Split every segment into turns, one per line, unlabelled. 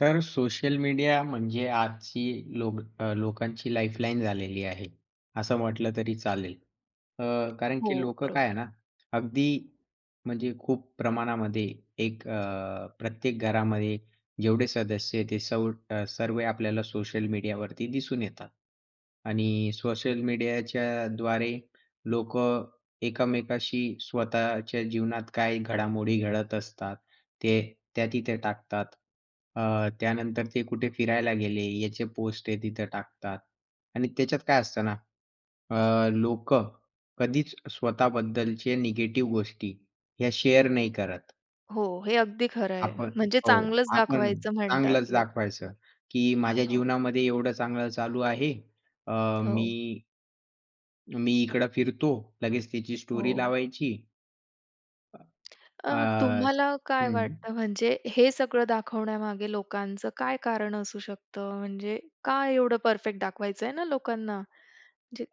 तर social media म्हणजे आजची लोक अ, लोकांची लाईफलाईन झालेली आहे, असं म्हटलं तरी चालेल. अ, कारण
हो
की लोकं काय आहे
बरोबर.
ना, अगदी म्हणजे खूप प्रमाणामध्ये एक अ, प्रत्येक घरामध्ये जेवढे सदस्य ते सव सर्व आपल्याला सोशल मीडियावरती दिसून येतात आणि सोशल मीडियाच्याद्वारे लोकं एकमेकांशी स्वतःच्या जीवनात काही घडामोडी घडत असतात, ते त्या तिथे टाकतात. अ, त्यानंतर ते कुठे फिरायला गेले याचे पोस्ट ते तिथे टाकतात आणि त्याच्यात काय असतं ना? अ, लोकं कधीच स्वतःबद्दलचे निगेटिव्ह गोष्टी ह्या शेअर नाही करत.
हो, हे अगदी खरं आहे.
आपण
म्हणजे
हो.
चांगलंच
आपण
दाखवायचं म्हणतात
चांगलच
लोकं.
दाखवायचं की माझ्या
हो.
जीवनामध्ये एवढं चांगलं चालू आहे. अ,
हो.
मी मी इकडं फिरतो. लगेच तिची स्टोरी
हो.
लावायची.
अ,
अ,
तुम्हाला
असं
काय
हं.
वाटतं म्हणजे हे सगळं दाखवण्यामागे लोकांचं काय कारण असू शकतं? म्हणजे काय एवढं परफेक्ट दाखवायचंय ना लोकांना? जे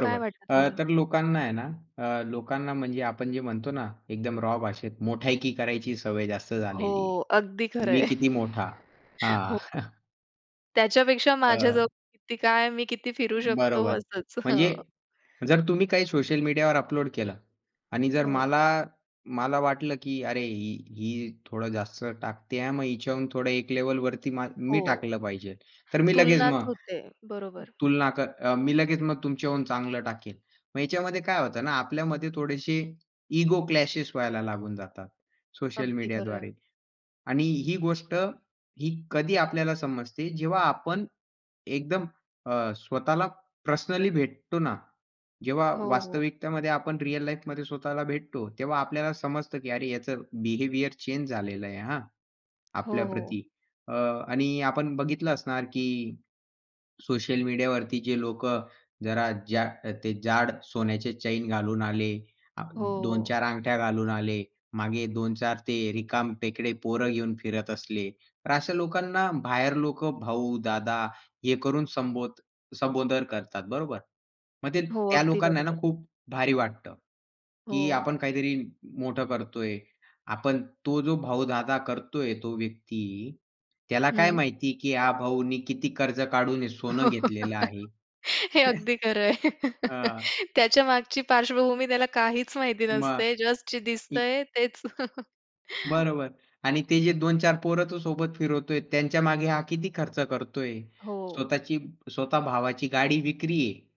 काय वाटतं
अ,
तुम्हाला?
तर लोकांना आहे ना अ, लोकांना म्हणजे आपण जे म्हणतो ना एकदम रॉ भाषेत मोठायकी करायची सवय जास्त
हो
झालेली आहे.
अगदी
की मी
खरंय.
किती मोठा? हां.
हो. त्याच्यापेक्षा
अ
माझ्याजवळ किती काय? मी किती फिरू शकतो,
बरोबर.
असंच.
म्हणजे
हं.
जर तुम्ही काही सोशल मीडियावर अपलोड केलं आणि जर
हो.
मला मला वाटलं की अरे, ही ही थोडं जास्त टाकते आहे, मग हिच्याहून थोडं एक लेव्हलवरती म
हो.
मी टाकलं पाहिजे. तर मी लगेच
तुलनाच
मग
होते बरोबर.
तुलना कर अ, मी लगेच मग तुमच्याहून चांगलं टाकेल. मग याच्यामध्ये काय होतं ना, आपल्यामध्ये थोडेशे इगो क्लॅशेस व्हायला लागून जातात सोशल
अगदी खरंय.
मीडियाद्वारे, आणि ही गोष्ट ही कधी आपल्याला समजते जेव्हा आपण एकदम अ, स्वतःला पर्सनली भेटतो ना, जेव्हा
हो, हो.
वास्तविकतेमध्ये आपण रिअल लाईफमध्ये स्वतःला भेटतो, तेव्हा आपल्याला समजतं की अरे, याचं बिहेवियर चेंज झालेलं आहे, हां.
हो, हो.
आपल्याप्रती अ, आणि आपण बघितलं असणार की सोशल मीडियावरती जे लोक जरा जा ते जाड सोन्याचे चैन घालून आले, अ,
हो,
दोन
हो.
चार अंगठ्या घालून आले, मागे 2-4 ते रिकामटेकडे पोर घेऊन फिरत असले, तर अशा लोकांना बाहेर लोक भाऊ, दादा हे करून संबोध संबोधन करतात. बरोबर? मग ते
हो,
त्या
अगदी
लोकांना ना
बरोबर.
खूप भारी वाटतं की
हो.
आपण काहीतरी मोठं करतोय. आपण तो जो भाऊ, दादा करतोय तो व्यक्ती, त्याला काय
हं.
माहिती आहे की हा भाऊनी किती कर्ज काढून सोनं घेतलेलं आहे?
हे अगदी खरंय.
हां.
त्याच्या मागची पार्श्वभूमी त्याला काहीच माहिती
मग
नसते. जस्ट जे
की
दिसतंय तेच.
बरोबर आणि ते जे 2-4 पोरं तू सोबत फिरवतोय त्यांच्या मागे हा किती खर्च करतोय?
हो.
स्वतःची स्वतः भावाची गाडी विक्री आहे.